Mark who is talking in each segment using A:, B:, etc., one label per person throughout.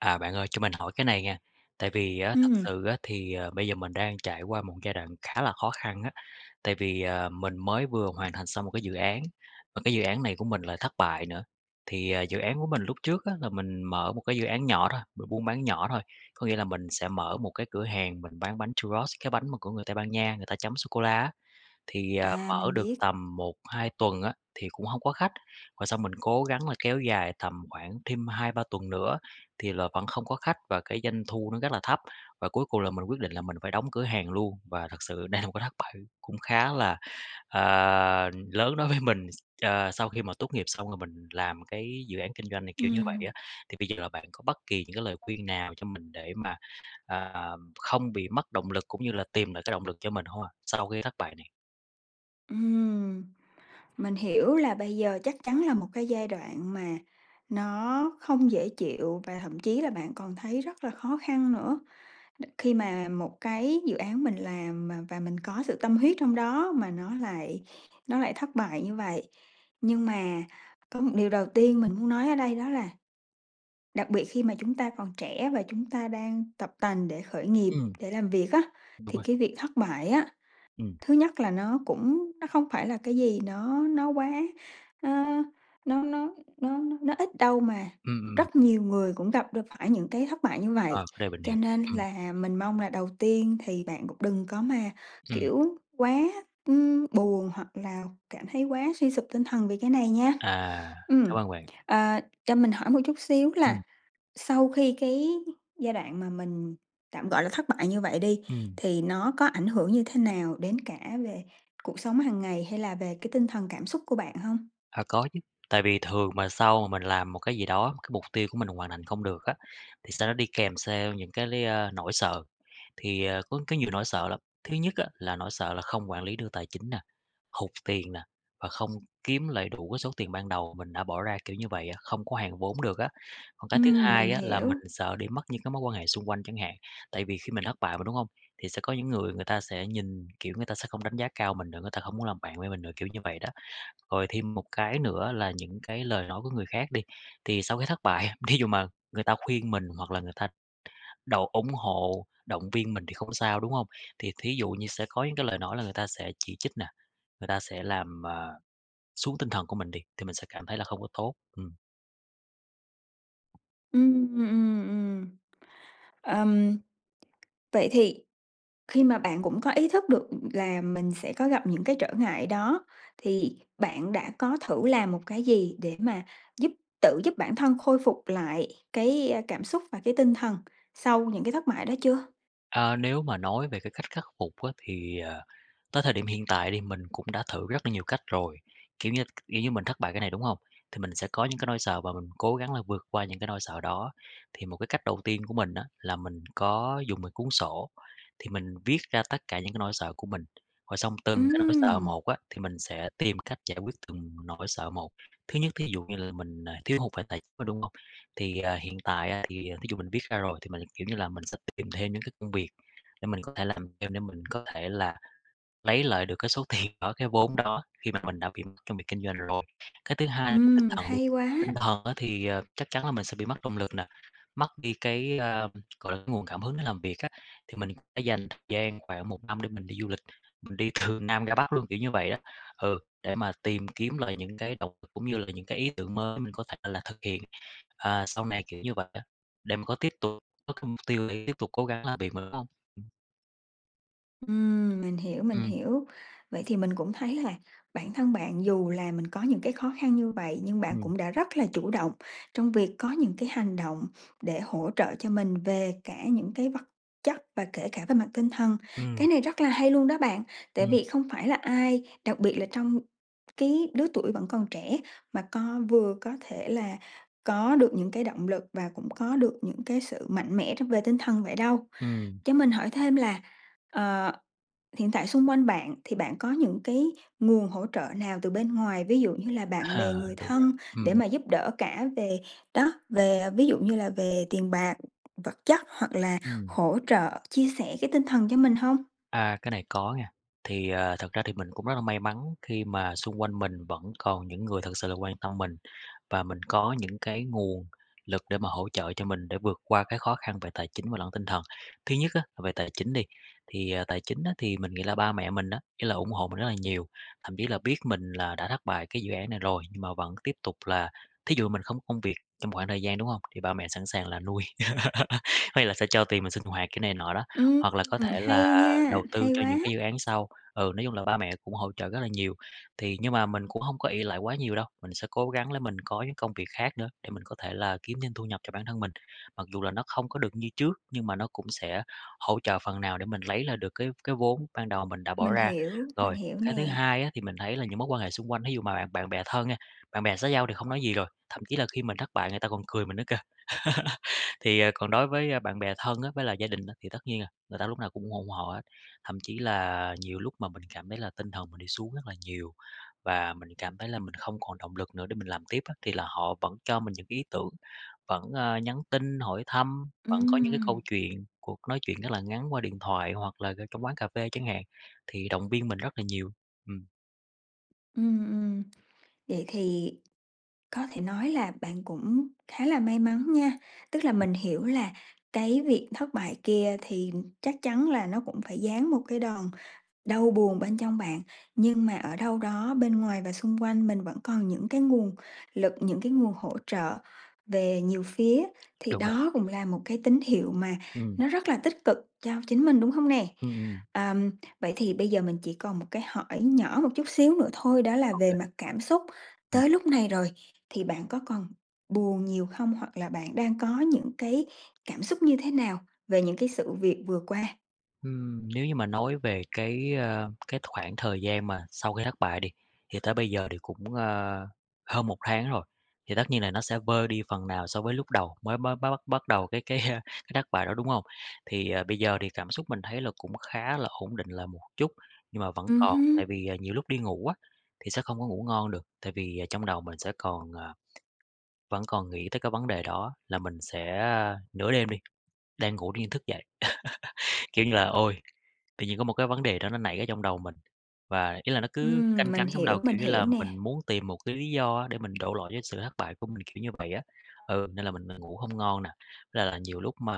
A: À, bạn ơi, cho mình hỏi cái này nha. Tại vì á, thực
B: Ừm.
A: sự á, thì, ờ, bây giờ mình đang trải qua một giai đoạn khá là khó khăn á. Tại vì, à, mình mới vừa hoàn thành xong một cái dự án, mà cái dự án này của mình lại thất bại nữa. Thì, à, dự án của mình lúc trước á, là mình mở một cái dự án nhỏ thôi, b buôn bán nhỏ thôi. Có nghĩa là mình sẽ mở một cái cửa hàng mình bán bánh Churros, cái bánh mà của người Tây Ban Nha, người ta chấm sô cô la á. Thì, à,
B: À,
A: mở
B: mình
A: được
B: biết.
A: tầm 1-2 tuần á, thì cũng hông có khách, và xong mình cố gắng là kéo dài tầm khoảng thêm 2-3 tuần nữa, thì là vẫn không có khách, và cái doanh thu nó rất là thấp, và cuối cùng là mình quyết định là mình phải đóng cửa hàng luôn. Và thật sự đây là một cái thất bại cũng khá là, à, lớn đối với mình, ờ, sau khi mà tốt nghiệp xong rồi mình làm cái dự án kinh doanh này kiểu như vậy
B: Ừm.
A: á. Thì bây giờ là bạn có bất kỳ những cái lời khuyên nào cho mình để mà, à, không bị mất động lực cũng như là tìm lại cái động lực cho mình hông ạ, sau khi thất bại này?
B: Ừm. Mình hiểu là bây giờ chắc chắn là một cái giai đoạn mà nó không dễ chịu, và thậm chí là bạn còn thấy rất là khó khăn nữa, khi mà một cái dự án mình làm mà và mình có sự tâm huyết trong đó, mà nó lại nó lại thất bại như vậy. Nhưng mà có một điều đầu tiên mình muốn nói ở đây đó là đặc biệt khi mà chúng ta còn trẻ và chúng ta đang tập tành để khởi nghiệp,
A: Ừm.
B: để làm việc á,
A: Đúng
B: thì
A: rồi.
B: cái việc thất bại á,
A: Ừm.
B: thứ nhất là nó cũng nó không phải là cái gì đó nó quá, nó nó nó nó nó nó ít đâu, mà
A: Ừm, ừm.
B: rất nhiều người cũng gặp r phải những cái thất bại như
A: Ờ,
B: vậy.
A: cái này mình
B: Cho
A: hiểu!
B: nên
A: Ừm.
B: là mình mong là đầu tiên thì bạn cũng đừng có mà,
A: Ừm.
B: kiểu, quá, ưm, buồn hoặc là cảm thấy quá suy sụp tinh thần vì cái này nha.
A: À!
B: Ừm.
A: Cảm ơn bạn.
B: À, cho mình hỏi một chút xíu
A: Ừm.
B: là sau khi cái giai đoạn mà mình, tạm gọi là, thất bại như vậy đi,
A: Ừm.
B: thì nó có ảnh hưởng như thế nào đến cả về cuộc sống hằng ngày hay là về cái tinh thần cảm xúc của bạn hông?
A: À, có chứ. Tại vì thường mà sau mình làm một cái gì đó, cái mục tiêu của mình hoàn thành không được á, thì sau đó đi kèm theo những cái, ơ, nỗi sợ. Thì, ờ, có có nhiều nỗi sợ lắm, thứ nhất á, là nỗi sợ là không quản lý được tài chính nè, hụt tiền nè, và không kiếm lại đủ cái số tiền ban đầu mình đã bỏ ra kiểu như vậy á, không có hoàn vốn được á. Còn cái thứ
B: Ừm, mình
A: hai á, là mình
B: hiểu.
A: sợ đi mất những cái mối quan hệ xung quanh chẳng hạn. Tại vì khi mình thất bại mà, đúng hông? Thì sẽ có những người người ta sẽ nhìn, kiểu, người ta sẽ không đánh giá cao mình nữa, người ta không muốn làm bạn với mình nữa, kiểu như vậy đó. Rồi thêm một cái nữa là những cái lời nói của người khác đi. Thì sau cái thất bại, thí dụ mà người ta khuyên mình hoặc là người ta độ ủng hộ, động viên mình thì không sao, đúng hông? Thì thí dụ như sẽ có những cái lời nói là người ta sẽ chỉ trích nè, người ta sẽ làm, à, xuống tinh thần của mình đi, thì mình sẽ cảm thấy là không có tốt. Ừm.
B: Ừm, ừm, ừm. Ừm. Vậy thì khi mà bạn cũng có ý thức được là mình sẽ có gặp những cái trở ngại đó, thì bạn đã có thử làm một cái gì để mà giúp tự giúp bản thân khôi phục lại cái, a, cảm xúc và cái tinh thần sau những cái thất bại đó chưa?
A: À, nếu mà nói về cái cách khắc phục á thì, à, tới thời điểm hiện tại đi mình cũng đã thử rất là nhiều cách rồi. Kiểu như kiểu như mình thất bại cái này, đúng hông? Thì mình sẽ có những cái nỗi sợ và mình cố gắng là vượt qua những cái nỗi sợ đó. Thì một cái cách đầu tiên của mình á, là mình có dùng một cuốn sổ, thì mình viết ra tất cả những cái nỗi sợ của mình, rồi xong từng cái nỗi sợ
B: Ừm.
A: một á, thì mình sẽ tìm cách giải quyết từng nỗi sợ một. Thứ nhất thí dụ như là mình, à, thiếu hụt về tài chính, đúng hông? Thì, à, hiện tại, à, thì thí dụ mình viết ra rồi, thì mình, kiểu như là, mình sẽ tìm thêm những cái công việc, để mình có thể làm thêm để mình có thể là lấy lại được cái số tiền đó, cái vốn đó, khi mà mình đã bị mất trong việc kinh doanh rồi. Cái thứ hai là tinh
B: Ừm,
A: thần đi,
B: hay quá.
A: tinh thần á thì, à, chắc chắn là mình sẽ bị mất động lực nè, mất đi cái, à, gọi là, nguồn cảm hứng để làm việc á, thì mình sẽ dành thời gian khoảng 1 năm để mình đi du lịch, mình đi từ Nam ra Bắc luôn, kiểu như vậy đó. Ừ, để mà tìm kiếm lại những cái động lực cũng như là những cái ý tưởng mới mình có thể là thực hiện, à, sau này, kiểu như vậy á, để mà có tiếp tục có cái mục tiêu để tiếp tục cố gắng làm việc mà, đúng hông? Ừm.
B: Ừm, mình hiểu, mình
A: Ừm.
B: hiểu. Vậy thì mình cũng thấy là bản thân bạn dù là mình có những cái khó khăn như vậy, nhưng bạn
A: Ừm.
B: cũng đã rất là chủ động trong việc có những cái hành động để hỗ trợ cho mình về cả những cái vật chất và kể cả về mặt tinh thần.
A: Ừm.
B: Cái này rất là hay luôn đó bạn, tại
A: Ừm.
B: vì không phải là ai, đặc biệt là trong cái lứa tuổi vẫn còn trẻ mà co vừa có thể là có được những cái động lực và cũng có được những cái sự mạnh mẽ trong về tinh thần vậy đâu.
A: Ừm.
B: Cho mình hỏi thêm là, ờ, hiện tại xung quanh bạn thì bạn có những cái nguồn hỗ trợ nào từ bên ngoài, ví dụ như là bạn bè,
A: À,
B: người
A: đúng rồi.
B: thân
A: Ừm,
B: để
A: ừm.
B: mà giúp đỡ cả về đó, về, ví dụ như là về tiền bạc, vật chất hoặc là
A: Ừm.
B: hỗ trợ chia sẻ cái tinh thần cho mình hông?
A: À, cái này có nghe. Thì, ờ, thật ra thì mình cũng rất là may mắn khi mà xung quanh mình vẫn còn những người thực sự là quan tâm mình, và mình có những cái nguồn lực để mà hỗ trợ cho mình để vượt qua cái khó khăn về tài chính và lẫn tinh thần. Thứ nhất á, là về tài chính đi, thì, à, tài chính á, thì mình nghĩ là ba mẹ mình á, ý là ủng hộ mình rất là nhiều. Thậm chí là biết mình là đã thất bại cái dự án này rồi, nhưng mà vẫn tiếp tục là thí dụ mình không có công việc trong khoảng thời gian, đúng hông? Thì ba mẹ sẵn sàng là nuôi, có nghĩa là sẽ cho tiền mình sinh hoạt cái này nọ đó.
B: Ừm,
A: Hoặc là có thể là
B: hay nha,
A: đầu tư
B: hay
A: cho
B: quá.
A: những cái dự án sau. Ừ, nói chung là ba mẹ cũng hỗ trợ rất là nhiều. Thì nhưng mà mình cũng hông có ỷ lại quá nhiều đâu, mình sẽ cố gắng là mình có những công việc khác nữa, để mình có thể là kiếm thêm thu nhập cho bản thân mình. Mặc dù là nó không có được như trước, nhưng mà nó cũng sẽ hỗ trợ phần nào để mình lấy lại được cái cái vốn ban đầu mình đã bỏ
B: Mình
A: ra.
B: hiểu, mình
A: Rồi,
B: hiểu
A: cái thứ
B: nè.
A: hai á, thì mình thấy là những mối quan hệ xung quanh, thí dụ mà bạn bạn bè thân nha, bạn bè xã giao thì không nói gì rồi, thậm chí là khi mình thất bại người ta còn cười mình nữa kìa. Thì, ờ, còn đối với, ơ, bạn bè thân á, với lại gia đình á, thì tất nhiên là người ta lúc nào cũng ủng hộ hộ hết. Thậm chí là nhiều lúc mà mình cảm thấy là tinh thần mình đi xuống rất là nhiều, và mình cảm thấy là mình không còn động lực nữa để mình làm tiếp á, thì là họ vẫn cho mình những cái ý tưởng, vẫn, ờ, nhắn tin hỏi thăm, vẫn có những cái
B: Ừm.
A: câu chuyện, cuộc nói chuyện rất là ngắn qua điện thoại hoặc là, ờ, trong quán cà phê chẳng hạn, thì động viên mình rất là nhiều. Ừm.
B: Ừm, ừm, vậy thì có thể nói là bạn cũng khá là may mắn nha. Tức là
A: Ừm.
B: mình hiểu là cái việc thất bại kia thì chắc chắn là nó cũng phải giáng một cái đòn đau buồn bên trong bạn, nhưng mà ở đâu đó bên ngoài và xung quanh mình vẫn còn những cái nguồn lực, những cái nguồn hỗ trợ về nhiều phía, thì
A: Đúng rồi.
B: đó cũng là một cái tín hiệu mà
A: Ừm.
B: nó rất là tích cực cho chính mình, đúng hông nè?
A: Ừm, ừm.
B: Ờm, vậy thì bây giờ mình chỉ còn một cái hỏi nhỏ một chút xíu nữa thôi, đó là về
A: OK.
B: mặt cảm xúc,
A: Ừm.
B: tới lúc này rồi thì bạn có còn buồn nhiều hông? Hoặc là bạn đang có những cái cảm xúc như thế nào về những cái sự việc vừa qua?
A: Ừm, nếu như mà nói về cái, ơ, cái khoảng thời gian mà sau khi thất bại đi, thì tới bây giờ thì cũng, ơ, hơn 1 tháng rồi. Thì tất nhiên là nó sẽ vơi đi phần nào so với lúc đầu mới bắt bắt bắt bắt đầu cái cái, ơ, cái thất bại đó, đúng hông? Thì, ờ, bây giờ thì cảm xúc mình thấy là cũng khá là ổn định lại một chút, nhưng mà vẫn
B: Ừm
A: còn.
B: hứm.
A: Tại vì, à, nhiều lúc đi ngủ á, thì sẽ không có ngủ ngon được, tại vì, à, trong đầu mình sẽ còn, ờ vẫn còn nghĩ tới cái vấn đề đó, là mình sẽ, a nửa đêm đi, đang ngủ tự nhiên thức dậy. Kiểu như là, ôi! Tự nhiên có một cái vấn đề đó nó nảy ra trong đầu mình, và ý là nó cứ
B: Ừm,
A: canh
B: mình
A: cánh trong đầu,
B: hiểu,
A: kiểu
B: mình
A: như
B: hiểu
A: là,
B: nè.
A: mình muốn tìm một cái lý do để mình đổ lỗi cho sự thất bại của mình, kiểu như vậy á. Ừ, nên là mình, ờ, ngủ hông ngon nè. Với lại là nhiều lúc mà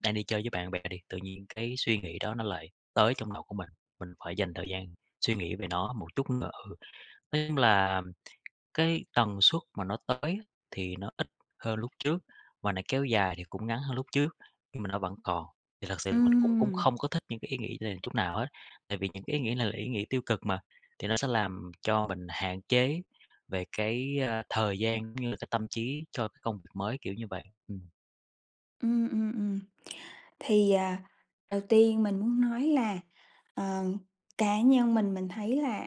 A: đang đi chơi với bạn bè đi, tự nhiên cái suy nghĩ đó nó lại tới trong đầu của mình, mình phải dành thời gian suy nghĩ về nó một chút nữa. Ừ. Nói chung là, cái tần suất mà nó tới thì nó ít hơn lúc trước, mà nó kéo dài thì cũng ngắn hơn lúc trước, nhưng mà nó vẫn còn. Thì thực sự mình cũng cũng
B: Ừm.
A: không có thích những cái ý nghĩ này chút nào hết. Tại vì những cái ý nghĩ này là ý nghĩ tiêu cực mà, thì nó sẽ làm cho mình hạn chế về cái, a, thời gian, cũng như là cái tâm trí cho cái công việc mới, kiểu như vậy. Ừm.
B: Ừm, ừm, ừm. Thì, à, đầu tiên mình muốn nói là, ờ, cá nhân mình mình thấy là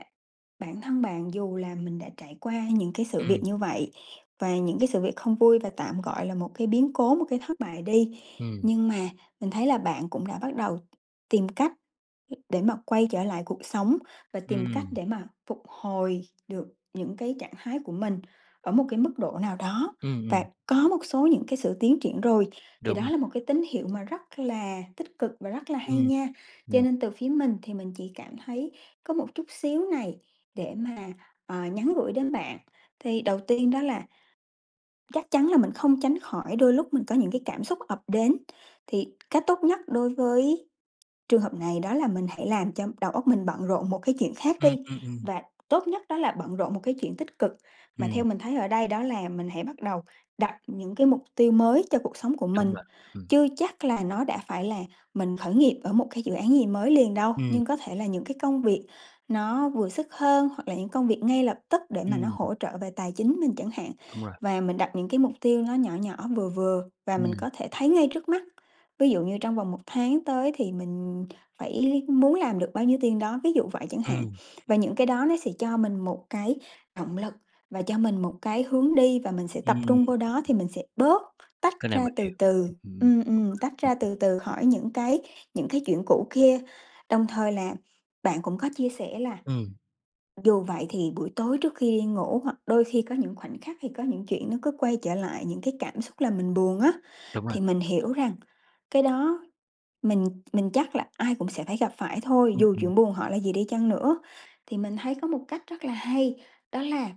B: bản thân bạn, dù là mình đã trải qua những cái sự việc
A: Ừm.
B: như vậy, và những cái sự việc không vui và tạm, gọi là, một cái biến cố, một cái thất bại đi,
A: Ừm.
B: nhưng mà mình thấy là bạn cũng đã bắt đầu tìm cách để mà quay trở lại cuộc sống, và tìm cách
A: Ừm.
B: để mà phục hồi được những cái trạng thái của mình ở một cái mức độ nào đó,
A: Ừm,
B: và
A: ừm.
B: có một số những cái sự tiến triển rồi, thì
A: Đúng
B: đó
A: rồi.
B: là một cái tín hiệu mà rất là tích cực và rất là hay
A: Ừm,
B: nha! Cho
A: ừm.
B: nên từ phía mình thì mình chỉ cảm thấy có một chút xíu này để mà, ờ, nhắn gửi đến bạn. Thì đầu tiên đó, là chắc chắn là mình không tránh khỏi đôi lúc mình có những cái cảm xúc ập đến, thì cách tốt nhất đối với trường hợp này đó là mình hãy làm cho đầu óc mình bận rộn một cái chuyện khác
A: Ừm,
B: đi,
A: ừm, ừm.
B: và tốt nhất đó là bận rộn một cái chuyện tích cực, mà theo
A: Ừm.
B: mình thấy ở đây, đó là mình hãy bắt đầu đặt những cái mục tiêu mới cho cuộc sống của
A: Đúng
B: mình.
A: rồi, ừm.
B: Chưa chắc là nó đã phải là mình khởi nghiệp ở một cái dự án gì mới liền đâu,
A: Ừm.
B: nhưng có thể là những cái công việc nó vừa sức hơn, hoặc là những công việc ngay lập tức để mà nó
A: Ừm.
B: hỗ trợ về tài chính mình chẳng hạn.
A: Đúng rồi.
B: Và mình đặt những cái mục tiêu nó nhỏ nhỏ, vừa vừa và mình
A: Ừm.
B: có thể thấy ngay trước mắt, ví dụ như trong vòng 1 tháng tới thì mình phải lý muốn làm được bao nhiêu tiền đó, ví dụ vậy chẳng hạn.
A: Ừm.
B: Và những cái đó nó sẽ cho mình một cái động lực và cho mình một cái hướng đi, và mình sẽ tập
A: Ừm.
B: trung vô đó thì mình sẽ bớt, tách
A: Cái này
B: ra
A: mình
B: từ
A: hiểu,
B: từ
A: ừm,
B: ừm, ừm, tách
A: đúng
B: ra
A: rồi.
B: từ từ khỏi những cái những cái chuyện cũ kia. Đồng thời là bạn cũng có chia sẻ là
A: Ừm.
B: dù vậy thì buổi tối trước khi đi ngủ, hoặc đôi khi có những khoảnh khắc thì có những chuyện nó cứ quay trở lại, những cái cảm xúc làm mình buồn á,
A: Đúng rồi.
B: thì mình hiểu rằng cái đó mình mình chắc là ai cũng sẽ phải gặp phải thôi,
A: Ừm,
B: dù
A: ừm.
B: chuyện buồn họ là gì đi chăng nữa. Thì mình thấy có một cách rất là hay, đó là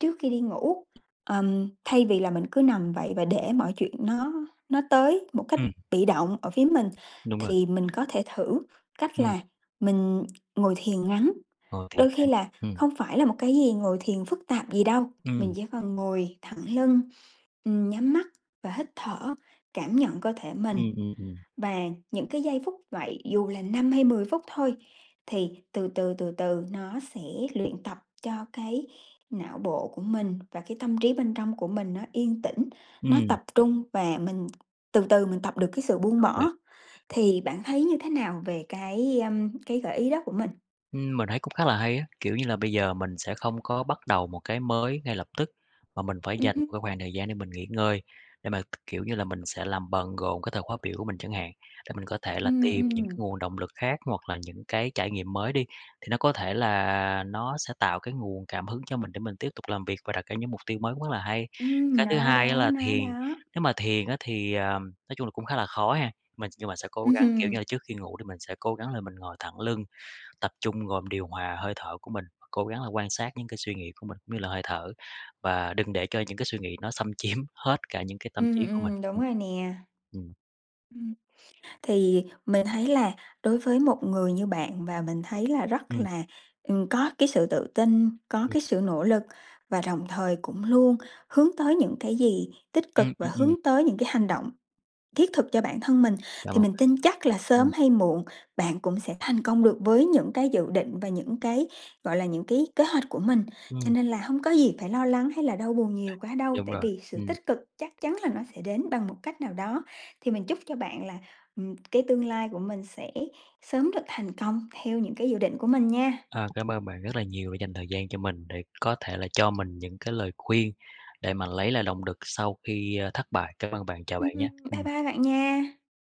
B: trước khi đi ngủ, ờm, thay vì là mình cứ nằm vậy và để mọi chuyện nó nó tới một cách
A: Ừm.
B: bị động ở phía mình,
A: Đúng rồi.
B: thì mình có thể thử cách
A: Ừm.
B: là mình ngồi thiền ngắn.
A: Ờ, thì
B: Đôi khi
A: bạn
B: là
A: ừm.
B: không phải là một cái gì ngồi thiền phức tạp gì đâu, mình
A: Ừm.
B: chỉ cần ngồi thẳng lưng, ừm, nhắm mắt và hít thở, cảm nhận cơ thể mình.
A: Ừm, ừm, ừm.
B: Và những cái giây phút vậy, dù là 5 hay 10 phút thôi, thì từ từ, từ từ nó sẽ luyện tập cho cái não bộ của mình và cái tâm trí bên trong của mình nó yên tĩnh, nó
A: Ừm.
B: tập trung và mình từ từ mình tập được cái sự buông
A: Ô kê.
B: bỏ. Thì bạn thấy như thế nào về cái, a, cái gợi ý đó của mình?
A: Ừm, mình thấy cũng khá là hay á. Kiểu như là, bây giờ mình sẽ không có bắt đầu một cái mới ngay lập tức, mà mình phải
B: Ừm
A: dành
B: hưm.
A: một cái khoảng thời gian để mình nghỉ ngơi, để mà, kiểu như là, mình sẽ làm bận rộn cái thời khóa biểu của mình chẳng hạn. Để mình có thể là
B: Ừm,
A: tìm những cái
B: ừm.
A: nguồn động lực khác, hoặc là những cái trải nghiệm mới đi, thì nó có thể là nó sẽ tạo cái nguồn cảm hứng cho mình để mình tiếp tục làm việc và đặt ra những mục tiêu mới cũng rất là hay!
B: Ừm,
A: Cái thứ
B: nó
A: hai á,
B: đó,
A: là
B: nó
A: thiền.
B: đó.
A: Nếu mà thiền á, thì, ờm, nói chung là cũng khá là khó ha. Mình nhưng mà sẽ cố gắng, kiểu như là,
B: Ừm.
A: trước khi ngủ thì mình sẽ cố gắng là mình ngồi thẳng lưng, tập trung rồi mình điều hòa hơi thở của mình. Cố gắng là quan sát những cái suy nghĩ của mình như là hơi thở, và đừng để cho những cái suy nghĩ nó xâm chiếm hết cả những cái tâm
B: Ừm,
A: trí của mình..
B: ừm, đúng rồi
A: [unintelligible]
B: nè.
A: Ừm.
B: Ừm. Thì mình thấy là đối với một người như bạn, và mình thấy là rất
A: Ừm.
B: là, ừm, có cái sự tự tin, có
A: Ừm.
B: cái sự nỗ lực và đồng thời cũng luôn hướng tới những cái gì tích cực
A: Ừm,
B: và
A: ừm, ừm.
B: hướng tới những cái hành động thiết thực cho bản thân mình.
A: Cảm
B: Thì
A: ơn
B: mình
A: bạn!
B: tin chắc là sớm
A: Ừm.
B: hay muộn bạn cũng sẽ thành công được với những cái dự định và những cái, gọi là, những cái kế hoạch của mình. Cho
A: Ừm.
B: nên là hông có gì phải lo lắng hay là đau buồn nhiều quá đâu,
A: Đúng
B: tại
A: rồi,
B: vì sự
A: ừm.
B: tích cực chắc chắn là nó sẽ đến bằng một cách nào đó. Thì mình chúc cho bạn là, ừm, cái tương lai của mình sẽ sớm được thành công theo những cái dự định của mình nha!
A: À, cảm ơn bạn rất là nhiều đã dành thời gian cho mình để có thể là cho mình những cái lời khuyên để mà lấy lại lộng đực sau khi, a, thất bại. Cảm ơn bạn, chào
B: Ừm,
A: bạn nha.
B: ừm, bye
A: Ừm.
B: bye bạn nha.